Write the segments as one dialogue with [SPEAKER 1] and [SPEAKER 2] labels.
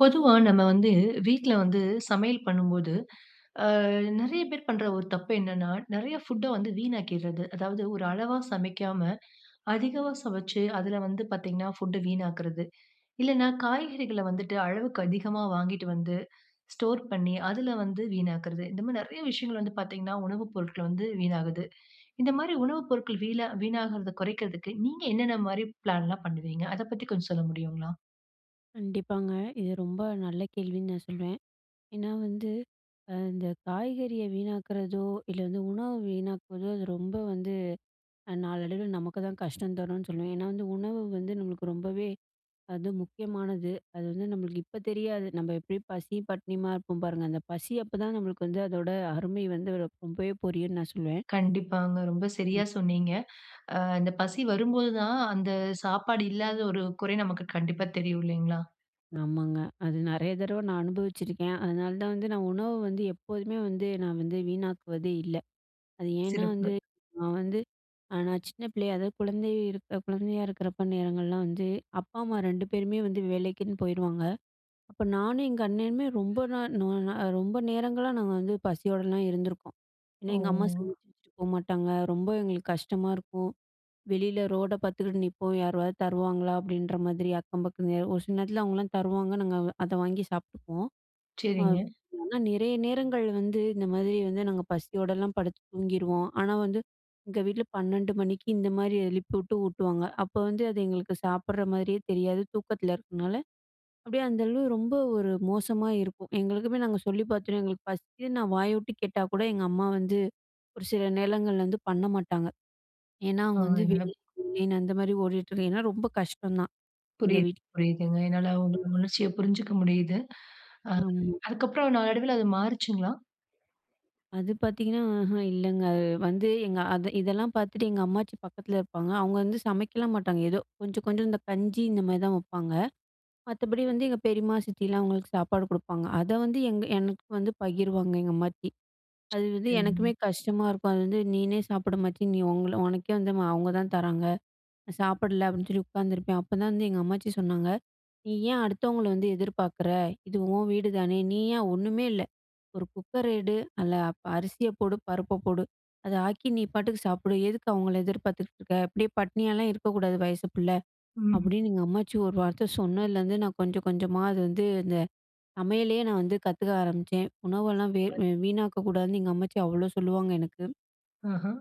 [SPEAKER 1] பொதுவா நம்ம வந்து வீட்ல வந்து சமையல் பண்ணும்போது, அ நெறைய பேர் பண்ற ஒரு தப்பு என்னன்னா, நெறைய ஃபுட்ட வந்து வீணாக்கியர்றது. அதாவது ஒரு அளவா சமைக்காம அதிகமா சமைச்சு, அதுல வந்து பார்த்தீங்கன்னா, ஃபுட்ட வீணாக்குறது. இல்லன்னா காய்கறிகள வந்துட்டு, அளவுக்கு அதிகமா வாங்கிட்டு வந்து ஸ்டோர் பண்ணி, அதுல வந்து வீணாக்குறது. இந்த மாதிரி நெறைய விஷயங்கள் வந்து பார்த்தீங்கன்னா, உணவு பொருட்கள வந்து வீணாகுது. இந்த மாரி உணவு பொருட்கள் வீலா வீணாகுறத குறைக்கிறதுக்கு நீங்க என்னென்ன மாரி பிளான்ல்லாம் பண்ணுவீங்க? அத பத்தி கொஞ்சம் சொல்ல முடியுங்ளா?
[SPEAKER 2] கண்டிப்பாங்க. இது ரொம்ப நல்ல கேள்வின்னு நான் சொல்வேன். ஏன்னா வந்து அ இந்த காய்கறிய வீணாக்குறதோ, இல்ல வந்து உணவ வீணாக்குறதோ அது ரொம்ப வந்து, அ நாளடைவில நமக்கு தான் கஷ்டம் தரும்ன்னு சொல்லுவேன். ஏன்னா வந்து உணவு வந்து நம்மளுக்கு ரொம்பவே அது முக்கியமானது. அது வந்து நம்மளுக்கு இப்ப தெரியாது. நம்ம எப்படியும் பசி, பட்டினியுமா இருப்போம் பாருங்க, அந்த பசி அப்பதான் நம்மளுக்கு வந்து அதோட அருமை வந்து ரொம் ரொம்பவே புரியும்ன்னு நான் சொல்லுவேன்.
[SPEAKER 1] கண்டிப்பாங்க. ரொம்ப சரியா
[SPEAKER 2] ம்.
[SPEAKER 1] சொன்னீங்க. ஆ இந்த பசி வரும்போது தான், அந்த சாப்பாடு இல்லாத ஒரு குறை நமக்கு கண்டிப்பா தெரியும், இல்லைங்களா?
[SPEAKER 2] ஆமாங்க. அது நெறைய தடவை நான் அனுபவிச்சிருக்கேன். அதனால தான் வந்து நான் உணவ வந்து எப்போதுமே வந்து நான் வந்து வீணாக்குவதே இல்ல. அது ஏன்னா வந்து,
[SPEAKER 1] சிறப்பு.
[SPEAKER 2] நான் வந்து நான் சின்ன பிள்ளையா அதாவது, குழந்தை இருக்க குழந்தையா இருக்குறப்ப நேரங்கள்லாம் வந்து அப்பா- அம்மா 2 பேருமே வந்து வேலைக்குன்னு போயிருவாங்க. அப்ப நானும் எங்க அண்ணனுமே ரொம்ப நாள் நோ நா ரொம்ப நேரங்களா நாங்க வந்து பசியோடல்லாம் இருந்துருக்கோம். ஏன்னா எங்க அம்மா
[SPEAKER 1] ஓ!
[SPEAKER 2] சமச்சு வச்சுட்டு போமாட்டாங்க. ரொம்ப எங்களுக்கு கஷ்டமா இருக்கும். வெளியில ரோட பார்த்துக்கிட்டு நிப்போம். "யாராவது தருவாங்களா?" அப்படீன்ற மாதிரி அக்கம் பக்கம் ஒரு சில நேரத்துல, அவங்கள்லாம் தருவாங்க. நாங்க வ் அத வாங்கி சாப்ட்டுப்போம். வ
[SPEAKER 1] சரிங்க.
[SPEAKER 2] ஆனா நெறைய நேரங்கள் வந்து இந்த மாதிரி வந்து நாங்க, பசியோடல்லாம் படுத்து தூங்கிருவோம். ஆனா வந்து எங்க வீட்ல 12 மணிக்கு இந்த மாரி எழுப்பிவிட்டு ஊட்டுவாங்க. அப்ப வந்து அது எங்களுக்கு சாப்புடற மாதிரியே தெரியாது, தூக்கத்துல இருக்கனால. அப்படியே அந்த அளவு ரொம்ப ஒரு மோசமா இருக்கும். எங்களுக்குமே நாங்க சொல்லி பார்த்துட்டோம், எங்களுக்கு பசிக்குதுன்னு நான் வாய விட்டு கேட்டா கூட, எங்க அம்மா வந்து ஒரு சில நேரங்கள்ல வந்து பண்ண மாட்டாங்க. ஏன்னா,
[SPEAKER 1] ஆ
[SPEAKER 2] அவங்க வந்து
[SPEAKER 1] என்னப்
[SPEAKER 2] வெளியில [unintelligible] அந்த மாதிரி ஓடிட்டு இருக்கு. ஏன்னா ரொம்ப கஷ்டம் தான், எங்கள்
[SPEAKER 1] புரியுது,
[SPEAKER 2] வீட்ல.
[SPEAKER 1] புரியுதுங்க. என்னால உங்களோட
[SPEAKER 2] ம்.
[SPEAKER 1] உணர்ச்சிய புரிஞ்சுக்க முடியுது. அது
[SPEAKER 2] ஆமா.
[SPEAKER 1] அதுக்கு அப்புறம் நாளடைவுல அது மாறுச்சுங்ளா?
[SPEAKER 2] அது பாத்தீங்கன்னா அஹ்ம் இல்லங்க. அது வந்து எங்க அத இதெல்லாம் பாத்துட்டு எங்க அம்மாச்சி பக்கத்துல இருப்பாங்க. அவங்க வந்து சமைக்கலாம் மாட்டாங்க. ஏதோ கொஞ்சம் கொஞ்சம் இந்த கஞ்சி இந்த மாரி தான் வப்பாங்க. மத்தபடி வந்து எங்க பெரிமா, சித்திலாம் அவங்களுக்கு சாப்பாடு கொடுப்பாங்க. அத வந்து எங்க எனக்கு வந்து பகிருவாங்க எங்க அம்மாச்சி. அது வந்து
[SPEAKER 1] சரிங்க.
[SPEAKER 2] எனக்குமே கஷ்டமா இருக்கும், அது வந்து நீனே சாப்பிடு அம்மாச்சி நீ உங்கள உனக்கே வந்து அவங்க தான் தராங்க. நான் சாப்பிடல அப்டின்னு சொல்லி உக்காந்துருப்பேன் அப்பதான் வந்து எங்க அம்மாச்சி சொன்னாங்க, "நீ ஏன் அடுத்தவங்கள வந்து எதிர்பார்க்குற இது உன் வீடுதானே நீ ஏன் ஒன்னுமே இல்ல, ஒரு குக்கர எடு நல்ல ப அரிசிய போடு, பருப்ப போடு, அத ஆக்கி நீ பாட்டுக்கு சாப்பிடு. எதுக்கு அவங்கள எதிர்பாத்துட்டு இருக்க, அப்டியே பட்னியாலாம் இருக்கக்கூடாது வயசு பிள்ள.
[SPEAKER 1] ம்.
[SPEAKER 2] அப்டின்னு "எங்க அம்மாச்சி ஒரு வார்த்த சொன்னலந்து, நான் கொஞ்சம் கொஞ்சமா அது வந்து இந்த சமையலயே நான் வந்து கத்துக்க ஆரம்பிச்சேன்." "உணவெல்லாம் வேர்
[SPEAKER 1] சூப்பர்.
[SPEAKER 2] வீணாக்க கூடாதுன்னு எங்க அம்மாச்சி அவ்ளோ சொல்லுவாங்க எனக்கு."
[SPEAKER 1] ஆஹா.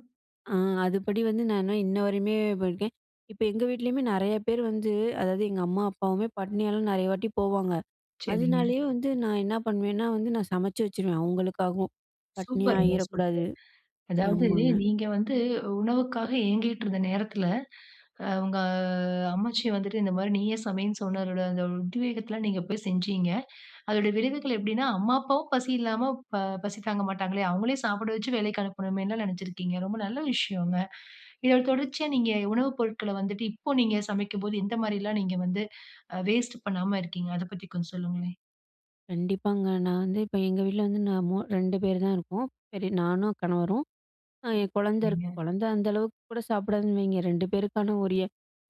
[SPEAKER 2] ஆ அதுபடி வந்து நான் இன்னும் இன்ன வரையுமே போயிருக்கேன். இப்ப எங்க வீட்லையுமே நெறய பேர் வந்து, அதாவது எங்க "அம்மா, அப்பாவுமே பட்டினியால நெறய வாட்டி போவாங்க.
[SPEAKER 1] சரிங்க.
[SPEAKER 2] அதனாலயே வந்து நான் என்ன பண்ணுவேன்னா, வந்து நான் சமைச்சு வச்சுருவேன். அவங்களுக்காகவும்
[SPEAKER 1] சூப்பர்ங்க,
[SPEAKER 2] பட்டினியாயிரக் கூடாது."
[SPEAKER 1] சூப்பர். அதாவது
[SPEAKER 2] ஆமாங்க.
[SPEAKER 1] நீங்க வந்து உணவுக்காக ஏங்கிட்டுருந்த நேரத்துல, ஆ உங்க அம்மாச்சி வந்துட்டு இந்த மாரி நீயே சமைனு சொன்ன தோட அந்த ஒரு உத்வேகத்துல, நீங்க போய் செஞ்சீங்க. அதோடய விளைவுகள் எப்டின்னா "அம்மா, அப்பாவும் பசி இல்லாம, ஆ பசி தாங்க மாட்டாங்களே அவங்களையும் சாப்ட வைச்சு வேலைக்கு அனுப்பனுமேனுல நினச்சுருக்கீங்க." ரொம்ப நல்ல விஷயங்க. இதோட தொடர்ச்சியா நீங்க உணவு பொருட்கள வந்துட்டு இப்போ நீங்க சமைக்கும்போது, எந்த மாரிலாம் நீங்க வந்து அ வேஸ்ட் பண்ணாம இருக்கீங்க. அத பத்தி கொஞ்சம் சொல்லுங்களேன்?
[SPEAKER 2] கண்டிப்பாங்க. நான் வந்து இப்ப, எங்க வீட்ல வந்து நான் மூ 2 பேர் தான் இருக்கோம். சரி நானும், கணவரும். அ என் குழந்தை இருக்கு.
[SPEAKER 1] சரிங்க.
[SPEAKER 2] குழந்தை அந்த அளவுக்கு கூட சாப்பிடாதுன்னு வைங்க. 2 பேருக்கான உரிய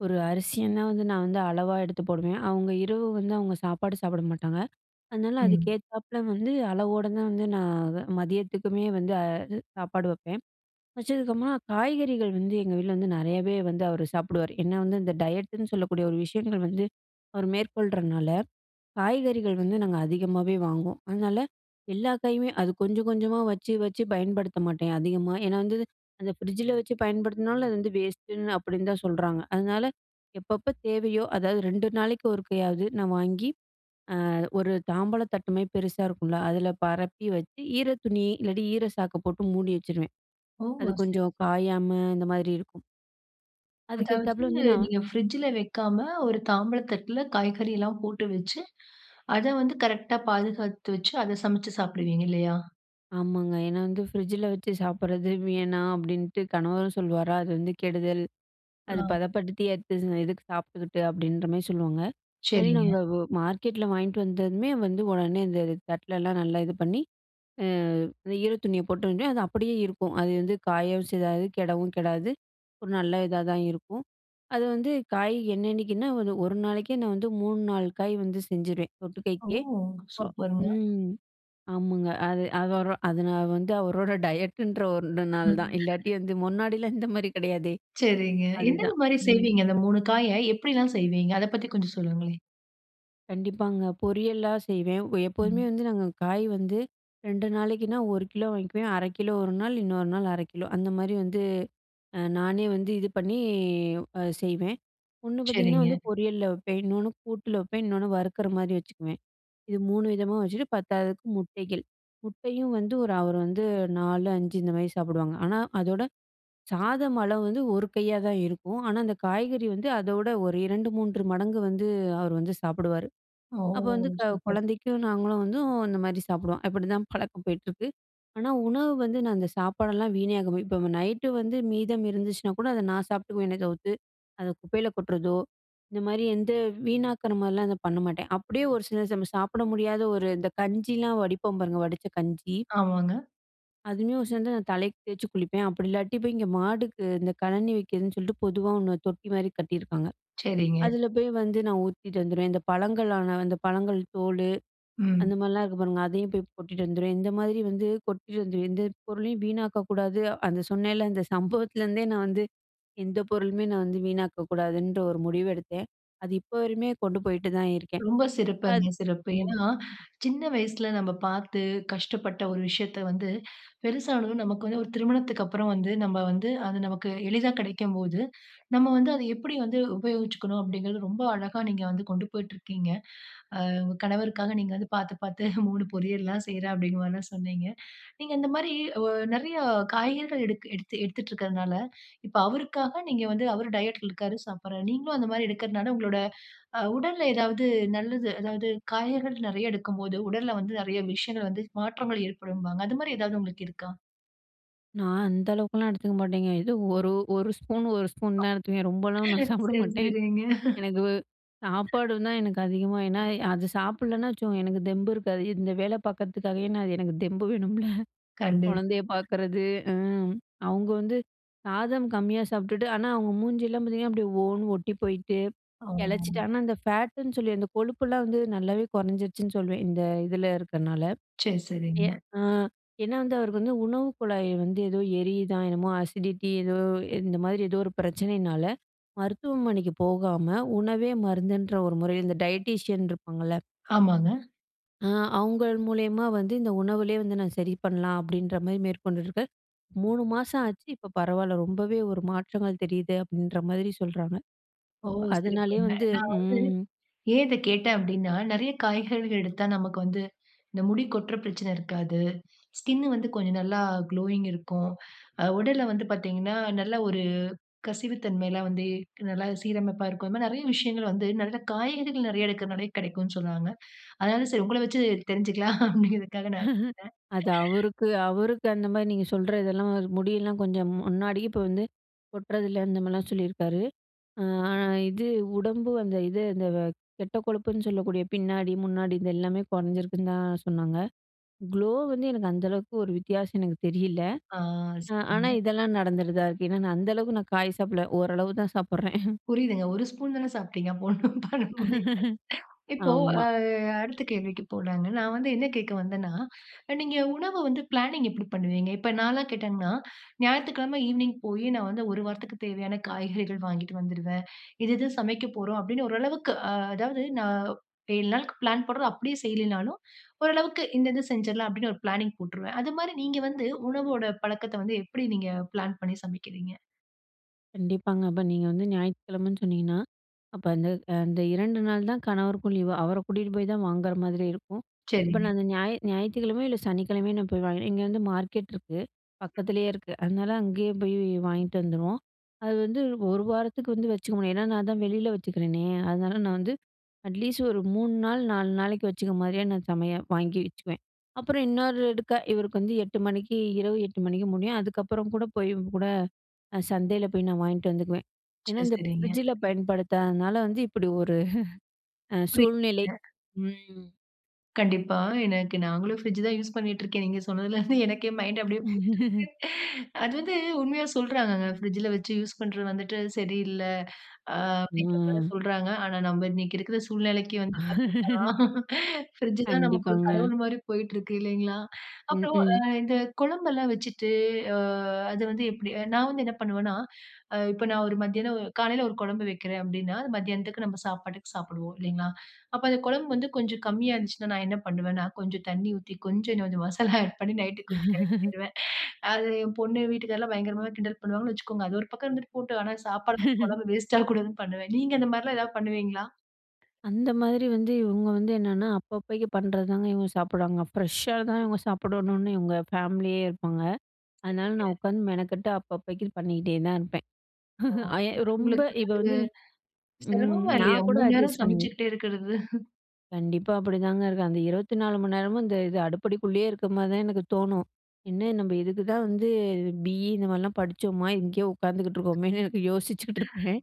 [SPEAKER 2] ஒரு அரிசிய நான் வந்து நான் வந்து அளவா எடுத்து போடுவேன். அவுங்க இரவு வந்து, அவுங்க சாப்பாடு சாப்பிட மாட்டாங்க. அதனால அதுக்கு
[SPEAKER 1] ம்.
[SPEAKER 2] ஏத்தாப்பல வந்து, அளவோட தான் வந்து, நான் மதியத்துக்குமே வந்து அது சாப்பாடு வைப்பேன். வச்சதுக்கப்பறமா காய்கறிகள் வந்து, எங்க வீட்ல வந்து நிறையவே வந்து அவர் சாப்பிடுவாரு. ஏன்னா வந்து, இந்த டயட்டு ன்னு சொல்லக்கூடிய ஒரு விஷயங்கள் வந்து, அவரு மேற்கொள்றனால, காய்கறிகள் வந்து நாங்க அதிகமாவே வாங்குவோம். அதனால, எல்லா காயுமே அது கொஞ்சம் கொஞ்சமாக வச்சு வச்சு பயன்படுத்த மாட்டேன், அதிகமா. ஏன்னா வந்து அந்த ஃப்ரிட்ஜில வச்சு பயன்படுத்தினாலும், அது வந்து வேஸ்ட்டு ன்னு அப்பிடீன்னு தான் சொல்றாங்க. அதனால, எப்பப்ப தேவையோ அதாவது 2 நாளைக்கு ஒருக்கையாவது நான் வாங்கி அ ஒரு தாம்பலத்தட்டுமாரி பெருசா இருக்கும்ல, அதுல பரப்பி வச்சு, ஈர துணி, இல்லாட்டி ஈர சாக்க போட்டு மூடி வச்சுருவேன்.
[SPEAKER 1] ஓ
[SPEAKER 2] அது
[SPEAKER 1] அதுசரி.
[SPEAKER 2] கொஞ்சம் காயாம இந்த மாரி இருக்கும். அதுக்கு
[SPEAKER 1] அதாவது,
[SPEAKER 2] ஏத்தாப்புல வந்து, நான்
[SPEAKER 1] நீங்க ஃப்ரிட்ஜுல வைக்காம, ஒரு தாம்பலத்தட்டுல, காய்கறிலாம் போட்டு வச்சு, அத வந்து கரெக்டா பாதுகாத்து வச்சு, அத சமைத்து சாப்பிடுவீங்க, இல்லையா?
[SPEAKER 2] ஆமாங்க. ஏன்னா வந்து "ஃப்ரிட்ஜில வச்சு சாப்பிட்றது வேணாம்." அப்டீன்ட்டு கணவரும் சொல்வாரா! "அது வந்து கெடுதல் அது
[SPEAKER 1] அ.
[SPEAKER 2] பதப்படுத்தி எடுத்து எதுக்கு சாப்பிட்டுக்கிட்டு?" அப்டீன்ற மாதிரி சொல்லுவாங்க. [unintelligible]
[SPEAKER 1] சரிங்க.
[SPEAKER 2] நாங்க ஒ மார்க்கெட்ல வாங்கிட்டு வந்ததுமே வந்து உடனே அந்த இது தட்டுலாம் நல்லா இது பண்ணி, அ இந்த ஈர துணிய போட்டதுமே அது அப்பிடியே இருக்கும். அது வந்து காயவும் செய்யாது கெடவும் கெடாது. ஒரு நல்ல இதாக தான் இருக்கும். அது வந்து காய் என்னன்னைக்ன்னா வந்து, 1 நாளைக்கே நான் வந்து 3, 4 காய் வந்து செஞ்சுருவேன்.
[SPEAKER 1] ஓ!
[SPEAKER 2] தொட்டுக்க [unintelligible]
[SPEAKER 1] சூப்பருங்க.
[SPEAKER 2] ம் ஆமாங்க. அது அதொரூ அதுனால வந்து அவரோட டயட்டுன்ற ஒண்ணு நாள தான். இல்லாட்டி வந்து முன்னாடிலாம் இந்த மாதிரி கிடையாதே.
[SPEAKER 1] சரிங்க. எந்தெந்த
[SPEAKER 2] அதுதான்
[SPEAKER 1] மாரி
[SPEAKER 2] ம்.
[SPEAKER 1] செய்வீங்க. அந்த 3 காய எப்பிடில்லாம் செய்வீங்க? அத பத்தி கொஞ்சம் சொல்லுங்களேன்?
[SPEAKER 2] கண்டிப்பாங்க. பொரியல்லா செய்வேன். அ, எப்போதுமே
[SPEAKER 1] ம்.
[SPEAKER 2] வந்து நாங்க காய் வந்து 2 நாளைக்குனா, 1 கிலோ வாங்கிக்குவேன். 1/2 ஒரு நாள், இன்னொரு நாள் 1/2 கிலோ அந்தமாரி வந்து அ, நானே வந்து இது பண்ணி அ செய்வேன். ஒண்ணு பாத்தீங்கன்னா,
[SPEAKER 1] சரிங்க.
[SPEAKER 2] வந்து பொரியல்ல வைப்பேன். இன்னொன்னு கூட்டுல வைப்பேன். இன்னொன்னு வறுக்குற மாதிரி வச்சுக்குவேன். இது 3 விதமா வச்சுட்டு, பத்தாததுக்கு முட்டைகள். முட்டையும் வந்து ஒரு அவரு வந்து 4, 5 இந்த மாதிரி சாப்பிடுவாங்க. ஆனா அதோட சாதம் அளவு வந்து ஒரு கையா தான் இருக்கும். ஆனா, அந்த காய்கறி வந்து அதோட ஒரு 2, 3 மடங்கு வந்து அவரு வந்து சாப்பிடுவாரு.
[SPEAKER 1] ஓ!
[SPEAKER 2] அப்ப வந்து க
[SPEAKER 1] சூப்பர்.
[SPEAKER 2] குழந்தைக்கும் நாங்களும் வந்தும் இந்தமாரி சாப்பிடுவோம். அப்பிடிதான் பழக்கம் போயிட்டிருக்கு. ஆனா, உணவு வந்து நான் அந்த சாப்பாடெல்லாம் வீண் ஆகுறமாரி இப்ப நைட்டு வந்து மீதம் இருந்துச்சுனா கூட அத நான் சாப்பிட்டுக்குவேன் தவித்து, அத குப்பையில கொட்டுறதோ, இந்த மாதிரி எந்த வீணாக்குற மாரிலாம் அத பண்ண மாட்டேன். அப்பிடியே ஒரு சில ச நம்ம சாப்பிட முடியாத ஒரு இந்த கஞ்சியில வடிப்போம் பாருங்க. வடிச்ச கஞ்சி
[SPEAKER 1] ஆமாங்க.
[SPEAKER 2] அதுவுமே ஒ சேர்ந்து நான் தலைக்கு தேய்ச்சு குளிப்பேன். அப்படி இல்லாட்டி போய் இங்க மாட்டுக்கு இந்த கழனி வைக்கிறதுன்னு சொல்லிட்டு பொதுவா 1 தொட்டி மாரி கட்டியிருக்காங்க.
[SPEAKER 1] சரிங்க.
[SPEAKER 2] அதில போய் வந்து நான் ஊத்திட்டு வந்துருவேன். இந்த பழங்களான அந்த பழங்கள் தோல்
[SPEAKER 1] ம்.
[SPEAKER 2] அந்த மாதிரிலாம் இருக்கு பாருங்க அதையும் போய் கொட்டிட்டு வந்துருவேன். இந்த மாதிரி வந்து கொட்டிட்டு வந்துருவேன். எந்த பொருளையும் வீணாக்க கூடாது அந்த சொன்னேன்ல அந்த சம்பவத்திலேருந்தே நான் வந்து எந்த பொருளுமே நான் வந்து வீணாக்க கூடாதுன்ற ஒரு முடிவு எடுத்தேன். அது இப்போ வரையுமே கொண்டு போயிட்டு தான் இருக்கேன்.
[SPEAKER 1] ரொம்ப
[SPEAKER 2] அது
[SPEAKER 1] சிறப்புங்க சிறப்பு.
[SPEAKER 2] ம்.
[SPEAKER 1] ஏன்னா சின்ன வயசுல நம்ம பார்த்து கஷ்டப்பட்ட ஒரு விஷயத்த வந்து பெருசானதும் நமக்கு வந்து ஒரு திருமணத்துக்கப்புறம் வந்து நம்ம வந்து அது நமக்கு எளிதா கிடைக்கும்போது, நம்ம வந்து அத எப்படி வந்து உபயோகிச்சுக்கணும் அப்படிங்கிறது, ரொம்ப அழகா நீங்க வந்து கொண்டு போயிட்டு இருக்கீங்க. அ உங்க கணவருக்காக நீங்க வந்து பார்த்து பார்த்து 3 பொறியல்லாம் செய்றேன் அப்படிங்கிற மாதிரிலாம் சொன்னீங்க. நீங்க இந்த மாதிரி நிறைய காய்கறிகள் எடுத்து எடுத்துட்டு இருக்கறதுனால இப்போ அவருக்காக நீங்க வந்து அவர் டயட் இருக்காரு சாப்பிடுறாரு. நீங்களும் அந்த மாதிரி எடுக்கறதுனால உங்களோட உடல்ல ஏதாவது நல்லது, அதாவது காய்கறிகள் நிறைய எடுக்கும் போது உடல்ல வந்து நிறைய விஷயங்கள் வந்து மாற்றங்கள் ஏற்படும்பாங்க. அது மாரி எதாவது உங்களுக்கு இருக்கா?
[SPEAKER 2] நான் அந்த அளவுக்கெல்லாம் எடுத்துக்க மாட்டேங்க. எதோ ஒரு ஒரு ஸ்பூன் ஒரு ஸ்பூன்
[SPEAKER 1] ஆ.
[SPEAKER 2] தான் எடுத்துக்குவேன். ரொம்பலாம்
[SPEAKER 1] சரி,
[SPEAKER 2] ஒன்னும் சாப்பிட மாட்டேன்.
[SPEAKER 1] சரிங்க.
[SPEAKER 2] எனக்கு சாப்பாடு தான் எனக்கு அதிகமா, ஏனா அது சாப்பிடலனா வச்சுக்கோங்க எனக்கு தெம்பு இருக்காது. இந்த வேலை பார்க்குறத்துக்காகவே நான் அது எனக்கு தெம்பு வேணும்ல?
[SPEAKER 1] கண்டிப்பா.
[SPEAKER 2] குழந்தைய பார்க்குறது. ஆ. அவங்க வந்து சாதம் கம்மியா சாப்டுட்டு, ஆனா அவங்க மூஞ்சி எல்லாம் பார்த்தீங்கன்னா அப்டியே ஓனு ஒட்டி போயிட்டு, எளச்சிட்டு.
[SPEAKER 1] ஆமா.
[SPEAKER 2] ஆனா, அந்த ஃபேட்டுன்னு சொல்லி அந்த கொழுப்பெல்லாம் வந்து நல்லாவே குறைஞ்சிடுச்சுன்னு சொல்லுவேன். இந்த இதில இருக்கிறதுனால.
[SPEAKER 1] சரி,
[SPEAKER 2] ஏ
[SPEAKER 1] சரிங்க.
[SPEAKER 2] ஆ ஏனா வந்து அவருக்கு வந்து உணவு குழாய் வந்து ஏதோ எரியுதா என்னமோ அசிடிட்டி ஏதோ இந்த மாதிரி ஏதோ ஒரு பிரச்சனைனால, மருத்துவமனைக்கு போகாம உணவே மருந்துன்ற ஒரு முறையில இந்த டயட்டீஷியன் இருப்பாங்கல்ல
[SPEAKER 1] ஆமாங்க.
[SPEAKER 2] அ அவங்கள் மூலியமா வந்து இந்த உணவுலயே வந்து நான் சரி பண்ணலாம் அப்டின்ற மாரி மேற்கொண்டிருக்க, 3 மாசம் ஆச்சு. இப்ப பரவால்ல ரொம்பவே ஒரு மாற்றங்கள் தெரியுது, அப்டின்ற மாரி சொல்றாங்க.
[SPEAKER 1] ஓ!
[SPEAKER 2] அப்ப அதனாலயே
[SPEAKER 1] சிறப்புங்க.
[SPEAKER 2] வந்து
[SPEAKER 1] நான் வந்து,
[SPEAKER 2] ம்.
[SPEAKER 1] ஏன் இத கேட்டேன் அப்டினா? நிறைய காய்கறிகள் எடுத்தா நமக்கு வந்து, இந்த முடி கொட்ற பிரச்சன இருக்காது. ஸ்கின் வந்து கொஞ்சம் நல்லா குளோயிங் இருக்கும். அ உடல்ல வந்து பார்த்தீங்கன்னா, நல்ல ஒரு கசிவு தன்மைலாம் வந்து நல்லா சீரமைப்பா இருக்கும். இந்த மாரி நிறைய விஷயங்கள் வந்து நிறைய காய்கறிகள் நிறைய எடுக்கரனாலையே கிடைக்குன்னு சொல்றாங்க. அதனால சரி உங்கள வைச்சு தெருஞ்சுக்கலாம், அப்டிங்கறதுக்காக நான் கேட்டேன்.
[SPEAKER 2] அது அவருக்கு அவருக்கு அந்த மாரி நீங்க சொல்ற இதெல்லாம் முடியெல்லாம் கொஞ்சம் முன்னாடி இப்ப வந்து கொட்டுறதில்ல அந்த மாதிரிலாம் சொல்லியிருக்காரு. ஆ இது உடம்பு அந்த இது அந்த கெட்ட கொழுப்புன்னு சொல்லக்கூடிய பின்னாடி முன்னாடி இந்த எல்லாமே குறைஞ்சிருக்குன்னு தான் சொன்னாங்க. க்ளோ வந்து எனக்கு அந்த அளவுக்கு ஒரு வித்தியாசம் எனக்கு தெரியல.
[SPEAKER 1] ஆ,
[SPEAKER 2] அ ஆனா,
[SPEAKER 1] சரிங்க.
[SPEAKER 2] இதெல்லாம் நடந்துடுதா இருக்கு. ஏனா நான் அந்த அளவுக்கு நான் காய் சாப்பிடல ஓரளவு தான் சாப்பிடுறேன்.
[SPEAKER 1] புரியுதுங்க. ஒரு ஸ்பூன் தானே சாப்பிட்டீங்க. அப்போ ஒண்ணும் பண்ண முடியல்ல. இப்போ, அ
[SPEAKER 2] ஆமா.
[SPEAKER 1] அடுத்த கேள்விக்கு போலாங்க. நான் வந்து என்ன கேக்க வந்தேனா, நீங்க உணவு வந்து பிளானிங் எப்டி பண்ணுவீங்க? இப்ப நான்லாம் கேட்டீங்கனா, ஞாயித்துக்கிழம ஈவ்னிங் போயி நான் வந்து ஒரு வாரத்திற்கு தேவையான காய்கறிகள் வாங்கிட்டு வந்துடுவேன். இது இது சமைக்க போறோம் அப்டின்னு ஓரளவுக்கு அ அதாவது, நான் 7 நாளுக்கு பிளான் போடறது அப்டியே செய்யிலனாலும், ஓரளவிக்கு இந்த இது செஞ்சடலாம் அப்டின்னு ஒரு பிளானிங் போட்ருவேன். அது மாரி நீங்க வந்து, உணவோட பழக்கத்த வந்து எப்டி நீங்க பிளான் பண்ணி சமைக்கிறீங்க.
[SPEAKER 2] கண்டிப்பாங்க. அப்ப நீங்க வந்து ஞாயித்துக்கிழமைன்னு சொன்னிங்கன்னா. அப்போ அந்த அந்த 2 நாள் தான் கணவருக்கும் லீவு. அவர கூட்டிட்டு போய் தான் வாங்குற மாதிரி இருக்கும். அப்ப
[SPEAKER 1] சரிங்க.
[SPEAKER 2] நான் அந்த ஞா ஞாயிற்றுக்கிழமையோ இல்ல சனிக்கிழமையோ நான் போய் வாங்கி இங்க வந்து மார்க்கெட் இருக்கு. பக்கத்திலேயே இருக்கு. அதனால அங்கேயே போய் வாங்கிட்டு வந்துருவோம். அது வந்து ஒரு வாரத்துக்கு வந்து வச்சுக்க முடியும். ஏனா நான் தான் வெளியில வச்சுக்கிறேனே. அதனால நான் வந்து அட்லீஸ்ட் ஒரு 3 நாள், 4 நாளைக்கு வச்சுக்க மாரியே நான் சமையல் வாங்கி வச்சுக்குவேன். அப்புறம் இன்னொருக்கா இவருக்கு வந்து 8 மணிக்கு, இரவு 8 மணிக்கு முடியும். அதுக்கப்புறம் கூட போய் கூட சந்தையில போய் நான் வாங்கிட்டு வந்துக்குவேன். ஏனா,
[SPEAKER 1] சரி.
[SPEAKER 2] இந்த
[SPEAKER 1] சரிங்க.
[SPEAKER 2] ஃப்ரிட்ஜில பயன்படுத்தாததுனால வந்து, இப்டி ஒரு அ
[SPEAKER 1] புரி
[SPEAKER 2] சூழ்நிலை
[SPEAKER 1] அ
[SPEAKER 2] ம்.
[SPEAKER 1] கண்டிப்பா. எனக்கு நாங்களும் ஃபிரிட்ஜ் தான் யூஸ் பண்ணிட்டு இருக்கேன். நீங்க சொன்னதுல இருந்து எனக்கே மைண்ட் அப்டியே போய்யிட்ருக்கு. அது வந்து உண்மையா சொல்றாகங்க. பிரிட்ஜ்ல வச்சு யூஸ் பண்றது வந்துட்டு சரியில்ல. ஆ. அப்டின்ற மாரி
[SPEAKER 2] ம். ஆ
[SPEAKER 1] சொல்றாங்க. ஆனா, நம்ம இன்னிக்கு இருக்கிற சூழ்நிலைக்கு வந்து பார்த்தீங்கன்னா, பிரிட்ஜ் தான் நமக்கு ஒரு
[SPEAKER 2] கண்டிப்பாங்க
[SPEAKER 1] கடவுள் மாரி போய்ட்டுருக்கு இல்லீங்களா.
[SPEAKER 2] ம்.
[SPEAKER 1] அப்புறம் அ
[SPEAKER 2] ம்
[SPEAKER 1] இந்த குழம்பு எல்லாம் வச்சிட்டு ஆ அது வந்து எப்டி. நான் வந்து என்ன பண்ணுவேன்னா இப்போ நான் ஒரு மத்தியானம், காலையில ஒரு குழம்பு வைக்கிறன் அப்டின்னா, மதியானத்துக்கு நம்ம சாப்பாட்டுக்கு சாப்டுவோம் இல்லைங்களா? அப்போ அந்த குழம்பு வந்து கொஞ்சம் கம்மியா இருந்துச்சினா, நான் என்ன பண்ணுவேன்னா கொஞ்சம் தண்ணீ ஊத்தி. கொஞ்சம் கொஞ்சம் மசாலா ஆட் பண்ணி நைட்க்கு கொஞ்சம் கரெக்ட் பண்ணிடுவன். அது என் பொண்ணு வீட்டுக்காரர் எல்லாம் பயங்கரமா கிண்டல் பண்ணுவாங்கன்னு வச்சிக்கோங்க. அது ஒரு பக்கம் இருந்துட்டு போட்டோம். ஆனா, சாப்பாடு வந்து குழம்பு வேஸ்ட் ஆகக்கூடாதுனு பண்ணுவேன். நீங்க அந்த மாரி எல்லாம் ஏதாவது பண்ணுவீங்களா?
[SPEAKER 2] அந்த மாதிரி வந்து இவங்க வந்து என்னன்னா அப்பப்பைக்கு பண்றது தாங்க இவங்க சாப்டுவாங்க. ஃப்ரெஷ்ஷா தான் இவங்க சாப்படணுன்னு இவங்க ஃபேமிலியே இருப்பாங்க. அதனால
[SPEAKER 1] சரீங்க.
[SPEAKER 2] நான் உட்காந்து மெனக்கெட்டு அப்பப்பைக்கு பண்ணிட்டே தான் இருப்பேன்.
[SPEAKER 1] ஓ!
[SPEAKER 2] ஆ எ
[SPEAKER 1] அது
[SPEAKER 2] ரொம்ப
[SPEAKER 1] உங்களுக்கு
[SPEAKER 2] இது வந்து ம்.
[SPEAKER 1] சிரமமா இல்லையா?
[SPEAKER 2] நான் கூட
[SPEAKER 1] 3 நேரம்
[SPEAKER 2] அட்ஜஸ்ட் பண்ணிக்குவேன்.
[SPEAKER 1] சமச்சுக்கிட்டே இருக்கறது?
[SPEAKER 2] கண்டிப்பா அப்டிதாங்க இருக்காங்க, 24 மணி நேரமும் இந்த இது, அடுப்படிக்குள்ளேயே இருக்க மாரி தான் எனக்கு தோணும். என்ன நம்ம இதுக்கு தான் வந்து பி.இ இந்த மாரிலாம் படிச்சோமா! இங்கேயே உட்காந்துட்டு இருக்கோமேன்னு எனக்கு யோசிச்சுக்கிட்டுருப்பேன்.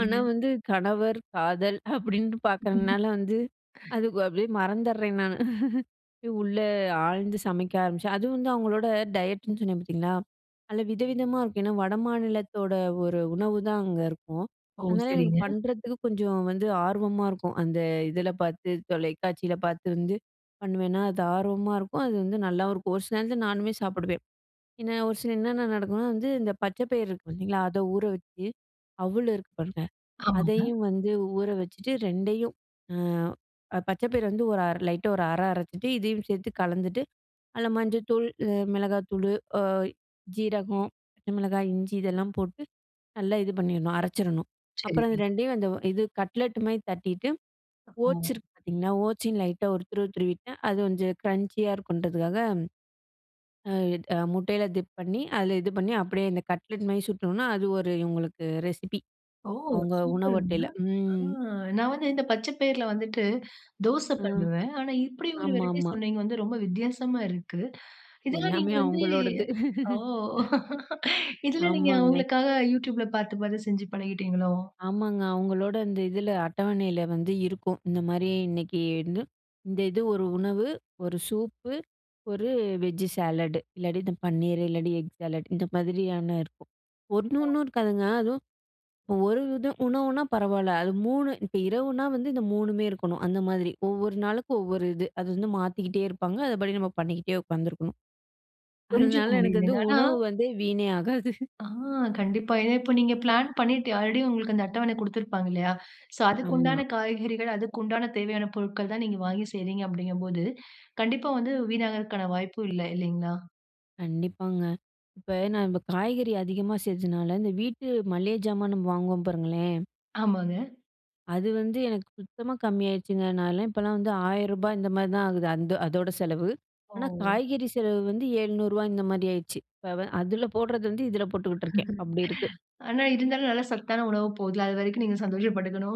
[SPEAKER 2] ஆனா வந்து கணவர், காதல் அப்டின்னுட்டு
[SPEAKER 1] ம்.
[SPEAKER 2] பாக்குறதுனால வந்து, அதுக்கு அப்டியே மறந்தர்றேன் நானு. உள்ள ஆழ்ந்து சமைக்க ஆரம்பிச்சேன், அது வந்து அவங்களோட டயட்டுன்னு சொன்னேன் பாத்தீங்களா, நல்ல வித, விதமா இருக்கும். ஏன்னா வடமாநிலத்தோட ஒரு உணவுதான் அங்க இருக்கும்.
[SPEAKER 1] ஓ!
[SPEAKER 2] அதனால எனக்கு
[SPEAKER 1] சரிங்க.
[SPEAKER 2] பண்றதுக்கு கொஞ்சம் வந்து ஆர்வமா இருக்கும். அந்த இதுல பாத்து, தொலைக்காட்சில பாத்து வந்து, பண்ணுவேன்னா அது ஆர்வமா இருக்கும், அது வந்து நல்லாவும் இருக்கும். ஒரு சில நேரத்துல நானுமே சாப்டுவேன். என்ன ஒரு சில என்னென்ன நடக்கும்னா வந்து இந்த பச்ச பயறு இருக்கு பாத்தீங்களா, அத ஊற வச்சு, அவுளு இருக்கு பாருங்க,
[SPEAKER 1] ஆமாங்க.
[SPEAKER 2] அதையும் வந்து ஊற வச்சுட்டு 2யும் அ, ப பச்ச பயிர வந்து ஒரு லைட்டா ஒரு அர அரச்சுட்டு, இதுயும் சேத்து கலந்துட்டு அதுல மஞ்சள் தூள், அ மிளகாய் தூளு அ ஜீரகம், பச்ச மிளகாய், இஞ்சி இதெல்லாம் போட்டு நல்லா இது பண்ணிரணும், அரச்சிறணும். அப்புறம் இது
[SPEAKER 1] சரிங்க.
[SPEAKER 2] 2யும் அந்த இது கட்லெட் மாரி தட்டிட்டு ஓட்ஸ்
[SPEAKER 1] ஓ.
[SPEAKER 2] இருக்கு பாத்தீங்களா, ஓட்ஸையும் லைட்டா ஒரு துருவு, துருவிட்டா அது கொஞ்சம் க்ரஞ்சியா இருக்கும்ன்றதுக்காக. ஆ, முட்டைல டிப் பண்ணி, அதுல இது பண்ணி அப்டியே இந்த கட்லெட் மாரி சுட்டணும்னா, அது ஒரு இவங்களுக்கு ரெசிபி.
[SPEAKER 1] ஓ!
[SPEAKER 2] அவங்க உணவு
[SPEAKER 1] சூப்பருங்க.
[SPEAKER 2] அட்டைல.
[SPEAKER 1] அ
[SPEAKER 2] ம்.
[SPEAKER 1] நான் வந்து இந்த பச்சப் பையிருல வந்துட்டு தோச
[SPEAKER 2] அ,
[SPEAKER 1] பண்ணுவேன். ஆனா இப்டி ஒரு வெரைட்டீ
[SPEAKER 2] ஆமாமா.
[SPEAKER 1] சொன்னீங்க! வந்து ரொம்ப வித்தியாசமா இருக்கு. இதெல்லாம் நீங்க
[SPEAKER 2] எல்லாமே
[SPEAKER 1] வந்து
[SPEAKER 2] அவங்களோடது.
[SPEAKER 1] ஓ இதெல்லாம் நீங்க
[SPEAKER 2] ஆமாங்க.
[SPEAKER 1] அவங்களுக்காக Youtube ல பாத்து பாத்து செஞ்சு பழகிட்டீங்களோ?
[SPEAKER 2] ஆமாங்க, அவங்களோட இந்த இதுல, அட்டவனைல வந்து இருக்கும். இந்த மாரி இன்னைக்குன்னு, இந்த இது ஒரு உணவு, ஒரு சூப்பு, ஒரு வெஜ்ஜு சாலடு இல்லாட்டி இந்த பன்னீரு, இல்லாட்டி எக் சாலட் இந்த மாதிரியான இருக்கும். 1
[SPEAKER 1] ஓ!
[SPEAKER 2] ஒன்னும் இருக்காதுங்க அதுவும் ஒரு இதும், உணவுனா பரவால்ல, அது 3 இப்ப இரவுனா வந்து இந்த 3மே இருக்கணும். அந்த மாரி ஒவ்வொரு நாளுக்கு ஒவ்வொரு இது. அது வந்து மாத்திக்கிட்டே இருப்பாங்க, அதுபடி நம்ம பண்ணிக்கிட்டே உட்காந்துருக்கணும்.
[SPEAKER 1] புரிஞ்சுக்க
[SPEAKER 2] அதனால எனக்கு வந்து
[SPEAKER 1] முடியுதுங்க. ஆனா
[SPEAKER 2] உணவு வந்து வீணே ஆகாது.
[SPEAKER 1] அ கண்டிப்பா, இத இப்ப நீங்க பிளான் பண்ணிட்டு ஆல்ரெடி உங்களுக்கு அந்த அட்டவண கொடுத்திருப்பாங்க இல்லயா? சோ அதுக்கு
[SPEAKER 2] ஆமா.
[SPEAKER 1] உண்டான காய்கறிகள், அதுக்கு உண்டான தேவையான பொருட்கள் தான் நீங்க வாங்கி செய்கிறீங்க, அப்டிங்கும் போது, கண்டிப்பா வந்து வீணாகறக்கான வாய்ப்பும் இல்ல இல்லைங்களா?
[SPEAKER 2] கண்டிப்பாங்க, இப்ப நான் இப்போ காய்கறி அதிகமா செஞ்சதுனால இந்த வீட்டு மளிகை ஜாமானும் வாங்குவோம் பாருங்களேன்.
[SPEAKER 1] ஆமாங்க.
[SPEAKER 2] அது வந்து எனக்கு சுத்தமா கம்மி ஆயிடுச்சுங்க. நான்லாம் இப்போலாம் வந்து ரூ. 1000 இந்த மாரி தான் ஆகுது. அந்த அதோட செலவு. ஆனா,
[SPEAKER 1] ஓ!
[SPEAKER 2] காய்கறி செலவு வந்து ரூ. 700 இந்த மாரி ஆயிடுச்சு. இப்போ அதில போடுறது வந்து இதில போட்டுக்கிட்டுருக்கேன் அப்படி இருக்கு.
[SPEAKER 1] ஆனா இருந்தாலும் நல்ல சத்தான உணவு போகுதுல்ல, அது வரைக்கும் நீங்க சந்தோஷப்பட்டுக்கணும்.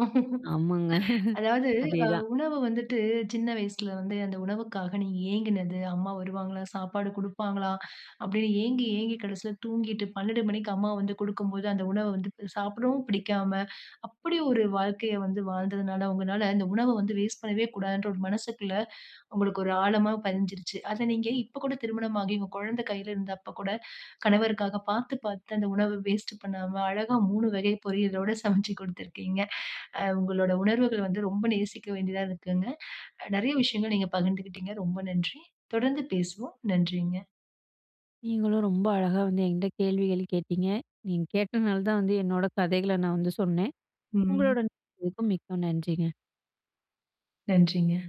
[SPEAKER 2] ஆமாங்க,
[SPEAKER 1] அதாவது, அ
[SPEAKER 2] அதேதான்.
[SPEAKER 1] உணவு வந்துட்டு சின்ன வயசுல வந்து அந்த உணவுக்காக நீ ஏங்கினது, அம்மா வருவாங்களா? சாப்பாடு குடுப்பாங்களா? அப்படின்னு ஏங்கி ஏங்கி கடைசியில தூங்கிட்டு 12 மணிக்கு அம்மா வந்து குடுக்கும்போது, அந்த உணவ வந்து சாப்பிடவும் பிடிக்காம, அப்படி ஒரு வாழ்க்கைய வந்து வாழ்ந்ததுனால உங்கனால அந்த உணவ வந்து வேஸ்ட் பண்ணவே கூடாதுங்கிற ஒரு மனசுக்குள்ள உங்களுக்கு ஒரு ஆழமா பதிஞ்சுருச்சு. அத நீங்க இப்ப கூட திருமணம் ஆகி உங்க குழந்தை கையில இருந்தப்பக்கூட. கணவருக்காக பார்த்து, பார்த்து அந்த உணவை வேஸ்ட் பண்ணாம, அழகா 3 வகை பொரியலோடு சமைச்சு குடுத்திருக்கீங்க. அ உங்களுடைய உணர்வுகள் வந்து ரொம்ப நேசிக்க வேண்டியதா இருக்குங்க. நெறைய விஷயங்கள் நீங்க பகிர்ந்துகிட்டீங்க. ரொம்ப நன்றி. தொடர்ந்து பேசுவோம். நன்றிங்க.
[SPEAKER 2] நீங்களும் ரொம்ப அழகா வந்து என்கிட்ட கேள்விகள் கேட்டீங்க. நீங்க கேட்டனால தான் வந்து என்னோட கதைகள நான் வந்து சொன்னேன்.
[SPEAKER 1] ம்.
[SPEAKER 2] உங்களுடன் [unintelligible] மிக்க நன்றிங்க.
[SPEAKER 1] நன்றிங்க.